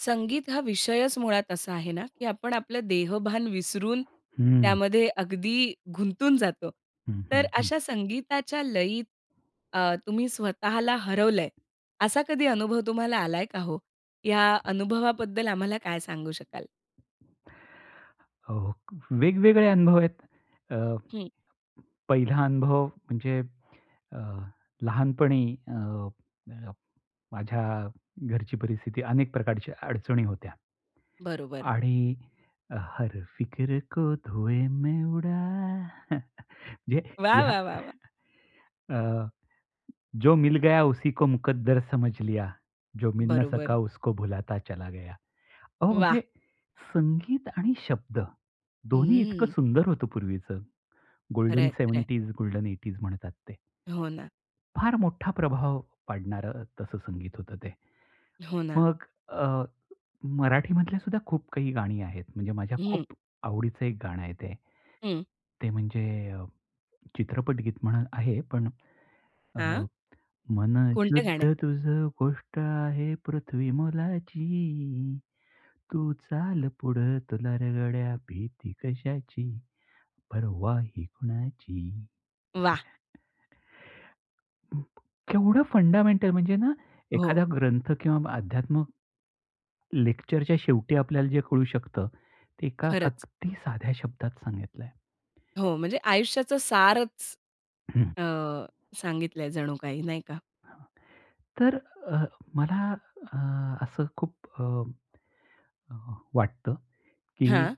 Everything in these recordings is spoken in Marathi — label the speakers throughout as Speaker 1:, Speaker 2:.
Speaker 1: संगीत हा विषयच मुळात असा आहे ना, की आपण आपलं देहभान विसरून,
Speaker 2: हं.
Speaker 1: त्यामध्ये अगदी गुंतून जातो.
Speaker 2: हं,
Speaker 1: तर
Speaker 2: हं, हं.
Speaker 1: अशा संगीताच्या लयीत, अ, तुम्ही स्वतःला हरवल आहे. असा कधी अनुभव तुम्हाला आला आहे का हो? या अनुभवाबद्दल आम्हाला काय सांगू शकाल?
Speaker 2: हो, वेगवेगळे अनुभव आहेत. अ,
Speaker 1: हं.
Speaker 2: पहिला अनुभव म्हणजे अ, लहानपणी अ, अ, माझ्या घरची परिस्थिती अनेक प्रकारच्या अडचणी होत्या
Speaker 1: बरोबर.
Speaker 2: आणि हर फिक्र को धुए मे उडा. जे
Speaker 1: वाह!
Speaker 2: या
Speaker 1: वाह! वाह! वाह!
Speaker 2: अ, जो मिल गया उसी को मुकद्दर समझ लिया, जो मिलना सका
Speaker 1: बरोबर.
Speaker 2: उसको भुलाता चला गया. अहो म्हणजे
Speaker 1: वाह!
Speaker 2: संगीत आणि शब्द, दोन्ही इतकं
Speaker 1: हम्म.
Speaker 2: सुंदर होतं पूर्वीच.
Speaker 1: खरं
Speaker 2: गोल्डन
Speaker 1: आहे. खरं आहे.
Speaker 2: 70s, गोल्डन 80s म्हणतात ते.
Speaker 1: हो ना.
Speaker 2: फार मोठा प्रभाव पाडणारं तसं संगीत होतं ते.
Speaker 1: हो ना.
Speaker 2: मग अ, मराठी मधल्या सुद्धा खूप काही गाणी आहेत, म्हणजे माझ्या
Speaker 1: हं.
Speaker 2: खूप आवडीचं एक गाणं आहे ते.
Speaker 1: हं.
Speaker 2: ते म्हणजे चित्रपटगीत म्हणून आहे पण, अ,
Speaker 1: हां.
Speaker 2: मन
Speaker 1: कोणतं गाणं आहे?
Speaker 2: शुद्ध तुझं गोष्ट आहे पृथ्वी मोलाची, तू चाल पुढं तुला रं गड्या, भीती कशाची? परवा ही कुणाची?
Speaker 1: वाह!
Speaker 2: केवढं फंडामेंटल म्हणजे ना,
Speaker 1: हो.
Speaker 2: एखादा ग्रंथ किंवा अध्यात्म लेक्चरच्या शेवटी आपल्याला जे कळू शकतं, ते एका
Speaker 1: खरंच.
Speaker 2: अगदी साध्या शब्दात सांगितलं आहे.
Speaker 1: हो, म्हणजे आयुष्याचं सारचं,
Speaker 2: हं.
Speaker 1: अ, सांगितलं आहे जणू काही नाही का?
Speaker 2: हां, तर अ, मला अ, असं खूप अ, वाटतं, की
Speaker 1: हां.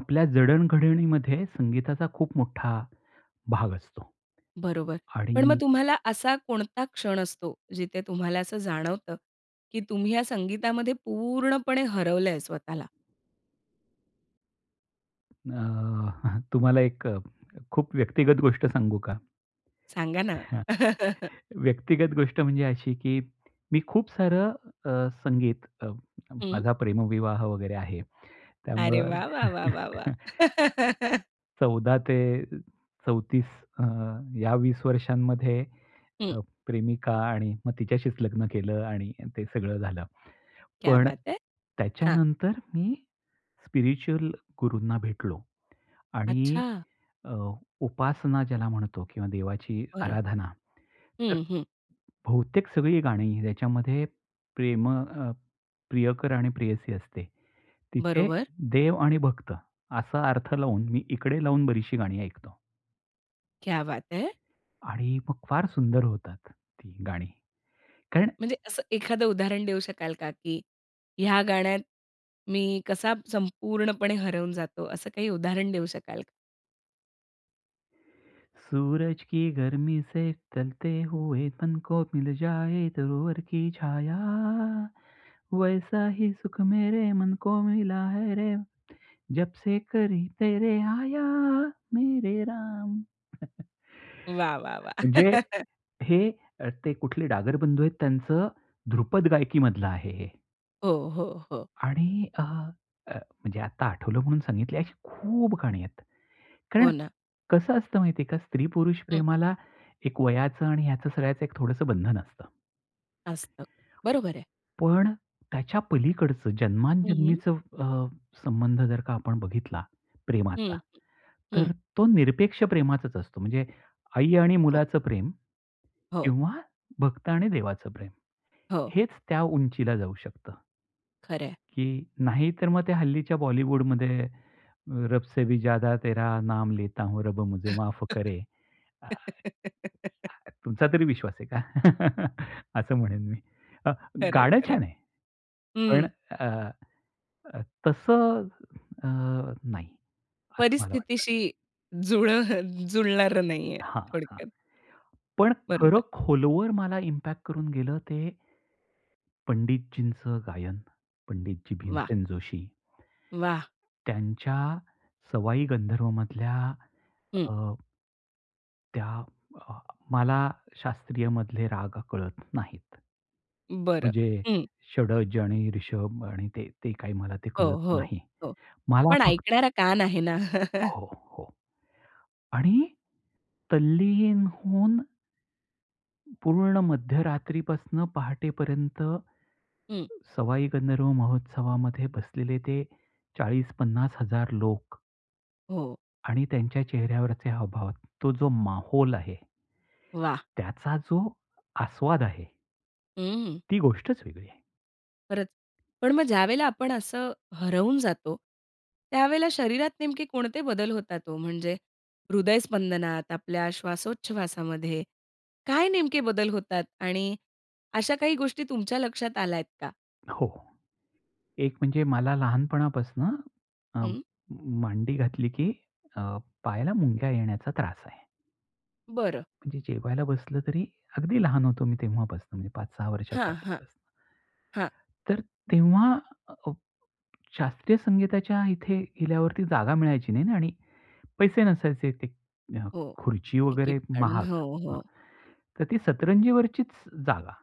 Speaker 2: आपल्या जडणघडणीमध्ये संगीताचा खूप मोठा भाग असतो
Speaker 1: बरोबर. पण मग
Speaker 2: आणि
Speaker 1: तुम्हाला असा कोणता क्षण असतो जिथे तुम्हाला असं जाणवतं, की तुम्ही या संगीतामध्ये पूर्णपणे हरवलंय स्वतःला?
Speaker 2: अ, तुम्हाला एक खूप व्यक्तिगत गोष्ट सांगू का?
Speaker 1: सांगा ना.
Speaker 2: व्यक्तिगत गोष्ट म्हणजे अशी, की मी खूप सारं अ, संगीत अं, अ,
Speaker 1: हं.
Speaker 2: माझा प्रेमविवाह वगैरे आहे.
Speaker 1: अरे
Speaker 2: त्यामुळं,
Speaker 1: वाह! वाह! वाह! वाह! वाह!
Speaker 2: 14 ते 34 अ, या 20 वर्षांमध्ये,
Speaker 1: हं.
Speaker 2: अ, प्रेमिका आणि मग तिच्याशीच लग्न केलं आणि ते सगळं झालं.
Speaker 1: क्या
Speaker 2: पण
Speaker 1: बात है! हां.
Speaker 2: त्याच्यानंतर मी स्पिरिच्युअल गुरूंना भेटलो आणि
Speaker 1: अच्छा!
Speaker 2: अ, उपासना ज्याला म्हणतो किंवा देवाची
Speaker 1: बरं.
Speaker 2: आराधना. तर
Speaker 1: हं, हं.
Speaker 2: बहुतेक सगळी गाणी त्याच्यामध्ये, प्रेम अ, प्रियकर आणि प्रेयसी असते, तिथे
Speaker 1: बरोबर.
Speaker 2: देव आणि भक्त असा अर्थ लावून, मी इकडे लावून बरीचशी गाणी ऐकतो.
Speaker 1: क्या बात है!
Speaker 2: आणि मग फार सुंदर होतात ती गाणी कारण
Speaker 1: म्हणजे असं एखादं उदाहरण देऊ शकाल का, की या गाण्यात मी कसा संपूर्णपणे हरवून जातो, असं काही उदाहरण देऊ शकाल का?
Speaker 2: सूरज की गर्मी से चलते हुए तन को मिल जाए दूरवर की छाया, वैसा ही सुख मेरे मन को मिला है. रे जबसे करी तेरे आया. मेरे राम.
Speaker 1: वाह, वाह, वाह!
Speaker 2: म्हणजे हे ते कुठले डागर बंधू आहेत, त्यांचं ध्रुपद गायकी मधलं आहे हे.
Speaker 1: हो, हो. हो.
Speaker 2: आणि अ, म्हणजे आता आठवलं म्हणून सांगितली अशी खूप गाणी आहेत. कारण
Speaker 1: हो ना.
Speaker 2: कसं असतं माहिती आहे का, स्त्री पुरुष
Speaker 1: हं.
Speaker 2: प्रेमाला एक वयाचं आणि याच सगळ्याचं एक थोडंसं बंधन असतं.
Speaker 1: असतं. बरोबर आहे.
Speaker 2: पण त्याच्या पलीकडचं
Speaker 1: हं, हं.
Speaker 2: जन्माजन्मीच अ, संबंध जर का आपण बघितला प्रेमाचा,
Speaker 1: हं, हं. हं.
Speaker 2: तर तो निरपेक्ष प्रेमाचाच असतो. म्हणजे आई आणि
Speaker 1: हो.
Speaker 2: मुलाचं प्रेम
Speaker 1: हो.
Speaker 2: किंवा भक्त आणि देवाचं प्रेम,
Speaker 1: हो.
Speaker 2: हेच त्या उंचीला जाऊ शकतं.
Speaker 1: खरं आहे.
Speaker 2: की नाही तर मग ते हल्लीच्या बॉलीवूड मध्ये रब से भी ज्यादा तेरा नाम लेता हूं, रब मुझे माफ करे. अ, अ, तुमचा तरी विश्वास आहे का? असं म्हणेन मी. अ,
Speaker 1: खरंय,
Speaker 2: गाणं
Speaker 1: खरंय,
Speaker 2: छान आहे. पण
Speaker 1: हं.
Speaker 2: अ, अ, तसं अ, नाही, असं मला वाटतं.
Speaker 1: परिस्थितीशी जुळं जुळणारं नाहीये
Speaker 2: हां, हां.
Speaker 1: थोडक्यात.
Speaker 2: पण खरं
Speaker 1: बरोबर.
Speaker 2: खोलवर मला इम्पॅक्ट करून गेलं ते पंडितजींच गायन, पंडितजी
Speaker 1: वाह!
Speaker 2: भीमसेन जोशी.
Speaker 1: वाह!
Speaker 2: त्यांच्या सवाई गंधर्व मधल्या
Speaker 1: हं.
Speaker 2: अ, त्या अ, मला शास्त्रीय मधले राग कळत नाहीत.
Speaker 1: बरं.
Speaker 2: म्हणजे
Speaker 1: हं.
Speaker 2: षड्ज आणि रिषभ आणि ते, ते काही मला ते
Speaker 1: हो,
Speaker 2: कळत
Speaker 1: हो,
Speaker 2: नाही.
Speaker 1: हो.
Speaker 2: मला
Speaker 1: पण
Speaker 2: फक्त
Speaker 1: ऐकणारा कान आहे ना?
Speaker 2: हो, हो. आणि तल्लीन होऊन पूर्ण मध्यरात्रीपासनं पहाटेपर्यंत,
Speaker 1: हं.
Speaker 2: सवाई गंधर्व महोत्सवामध्ये बसलेले ते 40-50हजार लोक.
Speaker 1: हो.
Speaker 2: आणि त्यांच्या चेहऱ्यावरचे हावभाव तो जो माहोल आहे
Speaker 1: वाह!
Speaker 2: त्याचा जो आस्वाद आहे
Speaker 1: हम्म.
Speaker 2: ती गोष्टच वेगळी आहे.
Speaker 1: खरचं. पण मग ज्यावेळेला आपण असं हरवून जातो, त्यावेळेला शरीरात नेमके कोणते बदल होतात ओ, म्हणजे हृदय स्पंदनात, आपल्या श्वासोच्छवासामध्ये काय नेमके बदल होतात? आणि अशा काही गोष्टी तुमच्या लक्षात आल्यात का?
Speaker 2: हो. एक म्हणजे मला लहानपणापासून अ,
Speaker 1: हं.
Speaker 2: मांडी घातली की अ, पायाला मुंग्या येण्याचा त्रास आहे.
Speaker 1: बरं.
Speaker 2: म्हणजे जेवायला बसलं तरी, अगदी लहान होतो मी तेव्हापासून, 5-6 वर्षाचा
Speaker 1: हां, हां.
Speaker 2: असल्यापासून.
Speaker 1: हां.
Speaker 2: तर तेव्हा अ, शास्त्रीय संगीताच्या इथे गेल्यावरती जागा मिळायची नाही आणि पैसे नसायचे ते अ,
Speaker 1: हो.
Speaker 2: खुर्ची
Speaker 1: तिकीट
Speaker 2: वगैरे
Speaker 1: काढून.
Speaker 2: महाग
Speaker 1: हो,
Speaker 2: हां.
Speaker 1: हो.
Speaker 2: तर ती सतरंजीवरचीच जागा.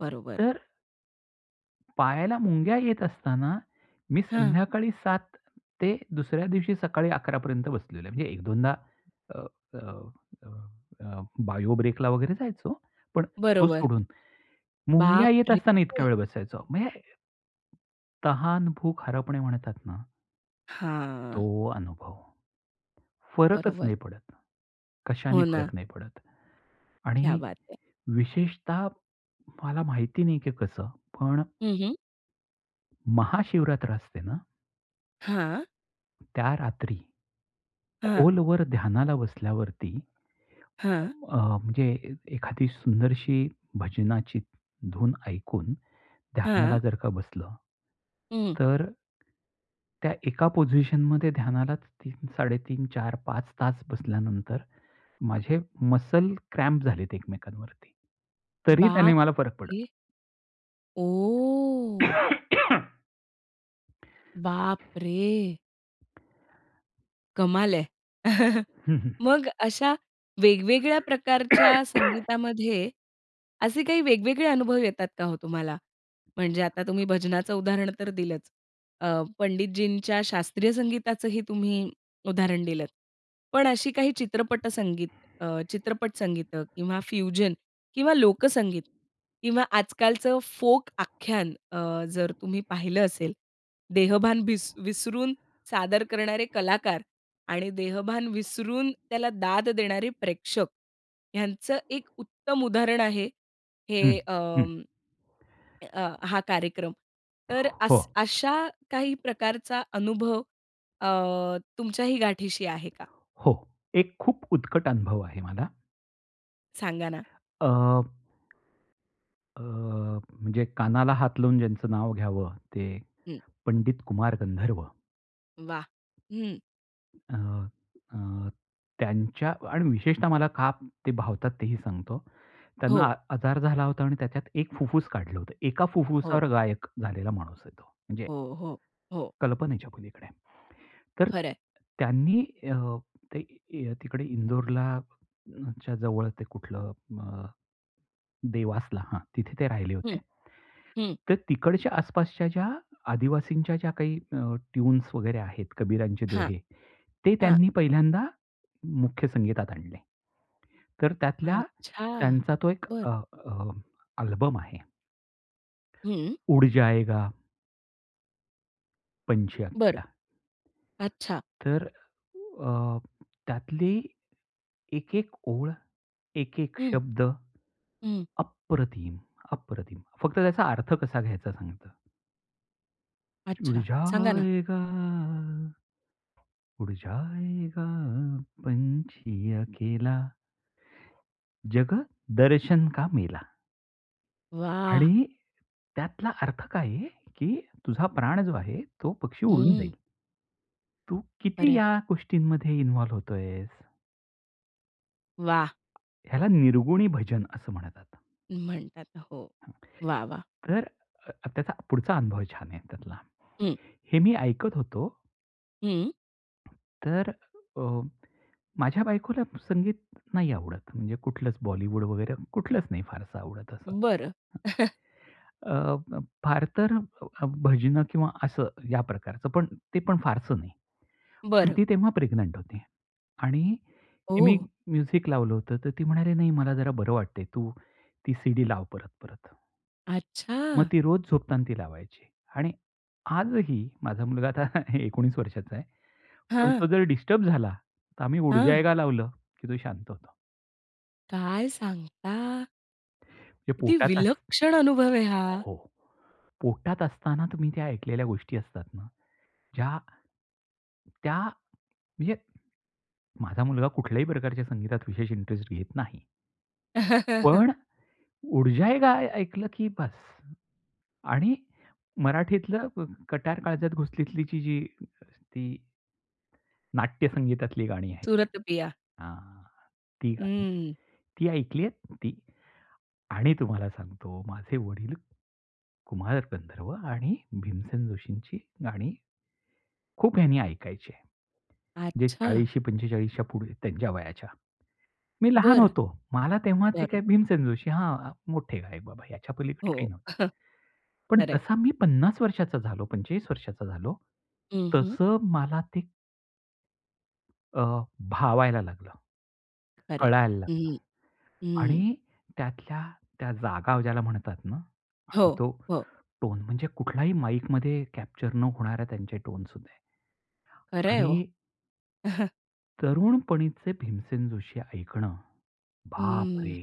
Speaker 1: बरोबर.
Speaker 2: तर पायाला मुंग्या येत असताना, मी
Speaker 1: हां.
Speaker 2: संध्याकाळी 7 ते दुसऱ्या दिवशी सकाळी 11 पर्यंत बसलेलो आहे. म्हणजे एक दोनदा अ, अ, अ, बायो ब्रेकला वगैरे जायचो. पण तो
Speaker 1: बरोबर.
Speaker 2: सोडून. मुंग्या
Speaker 1: बाप
Speaker 2: येत
Speaker 1: रे!
Speaker 2: असताना इतका वेळ बसायचो. म्हणजे ...तहान भूक हरपणे म्हणतात ना
Speaker 1: हां.
Speaker 2: तो अनुभव, फरकच
Speaker 1: बरोबर.
Speaker 2: नाही पडत, कशाने
Speaker 1: हो ना.
Speaker 2: फरक नाही पडत.
Speaker 1: क्या
Speaker 2: आणि
Speaker 1: बात है!
Speaker 2: विशेषतः मला माहिती नाही की कसं पण
Speaker 1: हं, हं.
Speaker 2: महाशिवरात्र असते ना?
Speaker 1: हां.
Speaker 2: त्या रात्री,
Speaker 1: हां.
Speaker 2: खोलवर ध्यानाला बसल्यावरती,
Speaker 1: हां.
Speaker 2: अ, म्हणजे एखादी सुंदरशी भजनाची धून ऐकून,
Speaker 1: हां.
Speaker 2: ध्यानाला जर का बसलं,
Speaker 1: हं.
Speaker 2: तर त्या एका पोझिशन मध्ये ध्यानालाच 3-3:30 4-5 तास बसल्यानंतर, माझे मसल क्रॅम्प झालेत एकमेकांवरती. तरी त्याने मला फरक पडला.
Speaker 1: बापरे! ओह! बापरे! कमाल आहे.
Speaker 2: हं, हं.
Speaker 1: मग अशा वेगवेगळ्या प्रकारच्या संगीतामध्ये, असे काही वेगवेगळे अनुभव येतात का हो तुम्हाला? म्हणजे आता तुम्ही भजनाचं उदाहरण तर दिलंच, अ, पंडितजींच्या शास्त्रीय संगीताचंही तुम्ही उदाहरण दिलंत. पण अशी काही चित्रपट संगीत अ, चित्रपट संगीत किंवा फ्युजन किंवा लोकसंगीत किंवा आजकालचं फोक आख्यान अ, जर तुम्ही पाहिलं असेल, देहभान विस विसरून, सादर करणारे कलाकार आणि देहभान विसरून त्याला दाद देणारे प्रेक्षक, ह्यांचं एक उत्तम उदाहरण आहे,
Speaker 2: हं,
Speaker 1: हे
Speaker 2: हं.
Speaker 1: अं, अ, हा कार्यक्रम. तर
Speaker 2: हो.
Speaker 1: अस अशा काही प्रकारचा अनुभव अ, तुमच्याही गाठीशी आहे का?
Speaker 2: हो, एक खूप उत्कट अनुभव आहे मला.
Speaker 1: सांगा ना.
Speaker 2: अ, अ, म्हणजे कानाला हात लावून ज्यांचं नाव घ्यावं, ते
Speaker 1: हं.
Speaker 2: पंडित कुमार गंधर्व.
Speaker 1: वाह! हं.
Speaker 2: अ, अ, त्यांच्यांत आणि विशेषतः मला ते का भावतात, तेही सांगतो. त्यांना
Speaker 1: हो.
Speaker 2: अ आजार झाला होता आणि त्याच्यात 1 फुफ्फूस काढलं होतं, 1का
Speaker 1: हो.
Speaker 2: फुफ्फुसावर गायक झालेला माणूस आहे तो. म्हणजे
Speaker 1: हो, हो. हो.
Speaker 2: कल्पनेच्या पलीकडे. तर
Speaker 1: खरंय.
Speaker 2: त्यांनी अ, ते तिकडे इंदोरच्या जवळ ते कुठलं अ, देवासला हां, तिथे ते राहिले
Speaker 1: हं,
Speaker 2: होते.
Speaker 1: हं.
Speaker 2: तर तिकडच्या आसपासच्या ज्या, आदिवासींच्या ज्या काही अ, टीऊन्झ वगैरे आहेत, कबीरांचे
Speaker 1: हां,
Speaker 2: दोहे, ते
Speaker 1: हां
Speaker 2: त्यांनी पहिल्यांदा मुख्य संगीतात आणले. तर त्यातला
Speaker 1: अच्छा,
Speaker 2: त्यांचा तो एक
Speaker 1: बरं.
Speaker 2: अ, अ, आल्बम आहे.
Speaker 1: हं.
Speaker 2: उड जायेगा पंछी
Speaker 1: बरं,
Speaker 2: अपना.
Speaker 1: अच्छा.
Speaker 2: तर अ, त्यातली 1-1 ओळ, 1-1
Speaker 1: हं.
Speaker 2: शब्द,
Speaker 1: हं.
Speaker 2: अप्रतिम! अप्रतिम! फक्त त्याचा अर्थ कसा घ्यायचा, सांगतो. ऊड
Speaker 1: अच्छा. सांगा ना.
Speaker 2: जाएगा. ऊड जाएगा पंची अकेला. जग, दर्शन का मेला.
Speaker 1: वाह!
Speaker 2: आणि त्यातला अर्थ काय आहे, की तुझा प्राण जो आहे, तो पक्षी उडून
Speaker 1: हम्म.
Speaker 2: जाईल. तू
Speaker 1: बरं
Speaker 2: किती
Speaker 1: आहे.
Speaker 2: या गोष्टींमध्ये इन्व्हॉल्व्ह होत आहेस?
Speaker 1: वाह!
Speaker 2: ह्याला निर्गुणी भजन असं म्हणतात.
Speaker 1: म्हणतात. हो. वाह! वाह!
Speaker 2: अंगठे [unintelligible] तर अ, त्याचा पुढचा अनुभव छान आहे त्यातला.
Speaker 1: हं.
Speaker 2: हे मी ऐकत होतो.
Speaker 1: हं.
Speaker 2: तर अ, माझ्या बायकोला संगीत नाही आवडत म्हणजे कुठलंच बॉलीवूड वगैरे, कुठलंच नाही फारसं आवडत, असं.
Speaker 1: बरं.
Speaker 2: अ, अ, फार तर भजनं किंवा असं या प्रकारचं, पण ते पण फारसं नाही. पण
Speaker 1: बरं.
Speaker 2: ती तेव्हा प्रेग्नंट होती. आणि मी
Speaker 1: ओह!
Speaker 2: म्युझिक लावलं होतं तर ती म्हणाली, नाही मला जरा बरं वाटत आहे, तू ती सीडी लाव परत-परत. मग
Speaker 1: अच्छा!
Speaker 2: ती रोज झोपताना ती लावायची. आणि आजही माझा मुलगा आता 19 वर्षाचा आहे. पण
Speaker 1: हां.
Speaker 2: तो जर डिस्टर्ब झाला, तर आम्ही उड़
Speaker 1: हां.
Speaker 2: जाएगा लावलं की तो शांत होतो.
Speaker 1: काय सांगता?
Speaker 2: हे
Speaker 1: किती
Speaker 2: पोटात अस
Speaker 1: विलक्षण अनुभव आहे हा!
Speaker 2: हो, पोटात असताना तुम्ही त्या ऐकलेल्या गोष्टी असतात ना, ज्या त्या म्हणजे माझा मुलगा कुठल्याही प्रकारच्या संगीतात विशेष इंटरेस्ट घेत नाही. पण ऊर्जा ए काय ऐकलं की बस्स. आणि मराठीतलं व् व कट्यार काळजात घुसलीतली जी, ती नाट्यसंगीतातली गाणी आहेत,
Speaker 1: सूरत पिया.
Speaker 2: अ हां, ती गाणी
Speaker 1: हं.
Speaker 2: ती ऐकली आहेत ती? आणि तुम्हाला सांगतो माझे वडील, कुमार गंधर्व आणि भीमसेन जोशींची गाणी खूप हयानी ऐकायचे. जे
Speaker 1: अच्छा.
Speaker 2: 40शी- 45 च्या पुढे त्यांच्या वयाच्या, मी लहान
Speaker 1: बरं.
Speaker 2: होतो. मला तेव्हा ते काय,
Speaker 1: बरोबर.
Speaker 2: भीमसेन जोशी हा मोठे गायक बाबा, ह्याच्यापलीकडे
Speaker 1: हो.
Speaker 2: काही नव्हतं. पण
Speaker 1: खर आहे.
Speaker 2: जसा मी 50 वर्षाचा झालो 45 वर्षाचा झालो
Speaker 1: हं, हं.
Speaker 2: तसं मला ते अ, भावायला लागलं,
Speaker 1: खर आहे.
Speaker 2: कळायला
Speaker 1: हं
Speaker 2: लागलं
Speaker 1: हं. हं, हं.
Speaker 2: आणि त्यातल्या त्या जागा ज्याला म्हणतात ना
Speaker 1: हो,
Speaker 2: तो
Speaker 1: हो.
Speaker 2: टोन, म्हणजे कुठल्याही माईकमध्ये कॅप्चर न होणाऱ्या त्यांच्या टोन्स होते
Speaker 1: खरंय हो.
Speaker 2: आणि तरुणपणीचे भीमसेन जोशी ऐकणं,
Speaker 1: हं.
Speaker 2: बापरे!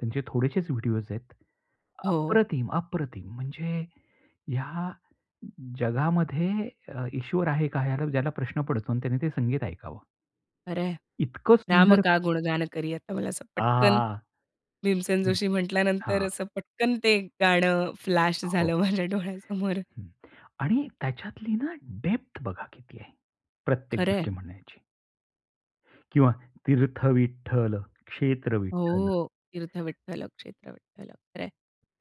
Speaker 2: त्यांचे थोडेसेच व्हिडिओस आहेत.
Speaker 1: हो.
Speaker 2: अप्रतिम! अप्रतिम! म्हणजे, या ज जगामध्ये अ, ईश्वर आहे का? ज्याला प्रश्न पडतो आणि त्याने ते संगीत ऐकावं.
Speaker 1: खरं आहे.
Speaker 2: इतकं
Speaker 1: राम
Speaker 2: सुंदर.
Speaker 1: का गुणगान करे तर असं
Speaker 2: आ.
Speaker 1: पटकन, भीमसेन
Speaker 2: हं.
Speaker 1: जोशी म्हंटल्यानंतर,
Speaker 2: हां.
Speaker 1: असं पटकन ते गाणं फ्लॅश
Speaker 2: हो.
Speaker 1: झालं माझ्या डोळ्यासमोर.
Speaker 2: हं. आणि त्याच्यातली ना, डेप्थ बघा किती आहे, प्रत्येक
Speaker 1: खरं आहे.
Speaker 2: गोष्टी म्हणायची. किंवा, तीर्थ विठ्ठल, क्षेत्र
Speaker 1: हो,
Speaker 2: विठ्ठल.
Speaker 1: हो, तीर्थ विठ्ठल क्षेत्र विठ्ठल. खरं आहे.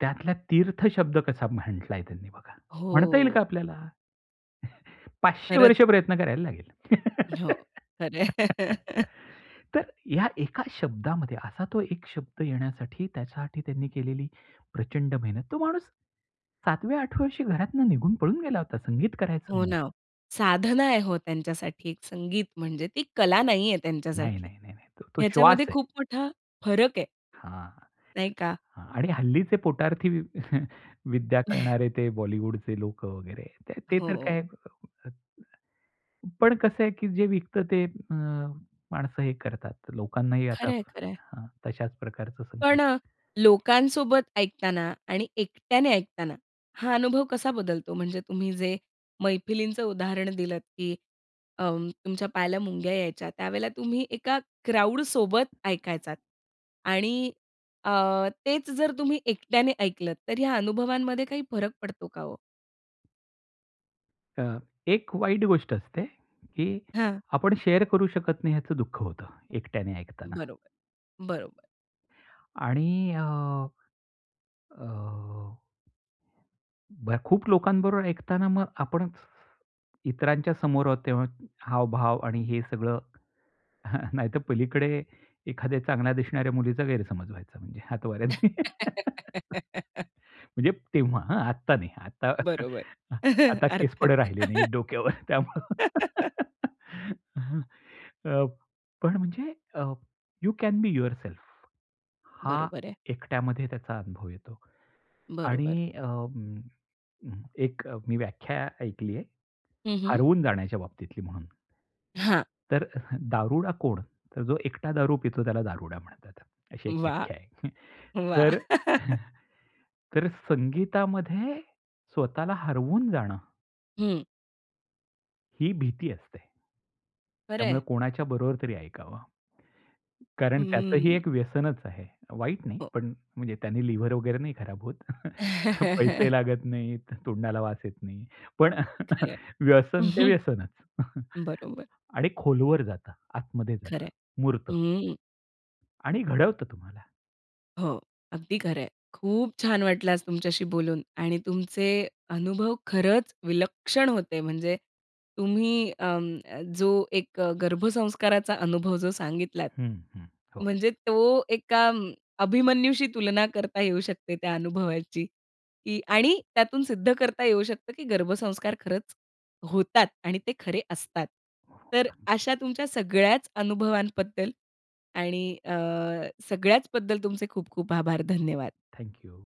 Speaker 2: त्यातला तीर्थ शब्द कसा म्हंटलाय त्यांनी बघा. म्हणता येईल का
Speaker 1: हो.
Speaker 2: आपल्याला? 500
Speaker 1: खरंच.
Speaker 2: वर्ष प्रयत्न करायला लागेल.
Speaker 1: हो. खरं आहे.
Speaker 2: तर या एका शब्दामध्ये, असा तो एक शब्द येण्यासाठी, त्याच्यासाठी त्यांनी केलेली प्रचंड मेहनत. तो माणूस सातव्या, आठव्या वर्षी घरातून निघून पळून गेला होता. संगीत करायचं
Speaker 1: हो
Speaker 2: म्हणून.
Speaker 1: ना, साधना आहे हो त्यांच्यासाठी एक संगीत म्हणजे, ती कला नाही आहे
Speaker 2: नाही,
Speaker 1: त्यांच्यासाठी.
Speaker 2: नाही, नाही तो श्वास
Speaker 1: ह्याच्यामध्ये
Speaker 2: आहे.
Speaker 1: खूप मोठा फरक आहे.
Speaker 2: हां.
Speaker 1: नाही का?
Speaker 2: हां आणि हल्लीचे पोटार्थी वि विद्या करणारे, ते बॉलिवूडचे लोकं वगैरे. ते तर
Speaker 1: हो.
Speaker 2: काय, अ, अ पण कसं आहे, की जे विकत ते अ, माणसं हे करतात, लोकांनाही आता
Speaker 1: खरंय, खरंय.
Speaker 2: हं, तशाच प्रकारचं संगीत
Speaker 1: पण लोकांसोबत ऐकताना आणि एकट्याने ऐकताना, हा अनुभव कसा बदलतो. म्हणजे तुम्ही जे मैफिलींचं उदाहरण दिलत, की अं, तुमच्या पायाला मुंग्या यायच्या, त्यावेळेला तुम्ही एका क्राउडसोबत ऐकायचात आणि अ, तेच जर तुम्ही एकट्याने ऐकलत. तर ह्या अनुभवांमध्ये काही फरक पडतो का हो?
Speaker 2: अ, एक वाईट गोष्ट असते की
Speaker 1: हं.
Speaker 2: आपण शेअर करू शकत नाही याचं दुःख होतं, एकट्याने ऐकताना.
Speaker 1: बरोबर, बरोबर.
Speaker 2: आणि अ, अ, ब खूप लोकांबरोबर ऐकताना मग आपण इतरांच्या समोर आहोत तेव्हा हावभाव आणि हे सगळं नाहीतर पलीकडे एखाद्या चांगल्या दिसणाऱ्या मुलीचा गैरसमज व्हायचा म्हणजे हातवाऱ्यांनी. म्हणजे तेव्हा हां, आता नाही आता,
Speaker 1: बरोबर.
Speaker 2: आता केस
Speaker 1: अर्थात.
Speaker 2: पण राहिले नाहीत डोक्यावर. त्यामुळे अ, पण म्हणजे अ, यू कॅन बी युअरसेल्फ, हा
Speaker 1: बरोबर आहे.
Speaker 2: एकट्यामध्ये त्याचा अनुभव येतो.
Speaker 1: बरोबर.
Speaker 2: आणि अ, म एक मी व्याख्या ऐकली आहे,
Speaker 1: हं, हं.
Speaker 2: हरवून जाण्याच्या बाबतीतली म्हणून.
Speaker 1: हां.
Speaker 2: तर अ, दारुडा कोण? तर जो एकटा दारू पितो, त्याला दारुडा म्हणतात. अशी एक
Speaker 1: वाह!
Speaker 2: व्याख्या आहे.
Speaker 1: वाह!
Speaker 2: तर, तर अ, संगीतामध्ये स्वतःला हरवून जाणं
Speaker 1: हं.
Speaker 2: ही भीती असते. त्यामुळे
Speaker 1: खरंय.
Speaker 2: कोणाच्या बरोबर तरी ऐकावं. कारण त्याचंही
Speaker 1: हम्म.
Speaker 2: एक व्यसनच आहे. वाईट नाही
Speaker 1: हो.
Speaker 2: पण म्हणजे त्यांनी लिव्हर वगैरे नाही खराब होत पैसे लागत नाहीत तोंडाला वास येत नाही. पण
Speaker 1: खरंय.
Speaker 2: व्यसन ते व्यसनच.
Speaker 1: बरोबर.
Speaker 2: आणि खोलवर जातं. आतमध्ये जातं.
Speaker 1: खरंय.
Speaker 2: मुरत.
Speaker 1: अं.
Speaker 2: आणि घडवत तुम्हाला.
Speaker 1: हो. अगदी खरंय. खूप छान वाटलं आज तुमच्याशी बोलून आणि तुमचे अनुभव खरंच विलक्षण होते. म्हणजे तुम्ही अं, जो एक गर्भसंस्काराचा अनुभव जो सांगितलात,
Speaker 2: हं, हं. हो.
Speaker 1: म्हणजे तो एका अं, अभिमन्यूशी तुलना करता येऊ शकते त्या अनुभवाची की आणि त्यातून सिद्ध करता येऊ शकतं की गर्भसंस्कार खरंच होतात आणि ते खरे असतात. तर
Speaker 2: [unintelligible]
Speaker 1: अशा तुमच्या सगळ्याच अनुभवांबद्दल आणि अ, सगळ्याचबद्दल तुमचे खूप-खूप आभार, धन्यवाद.
Speaker 2: Thank you.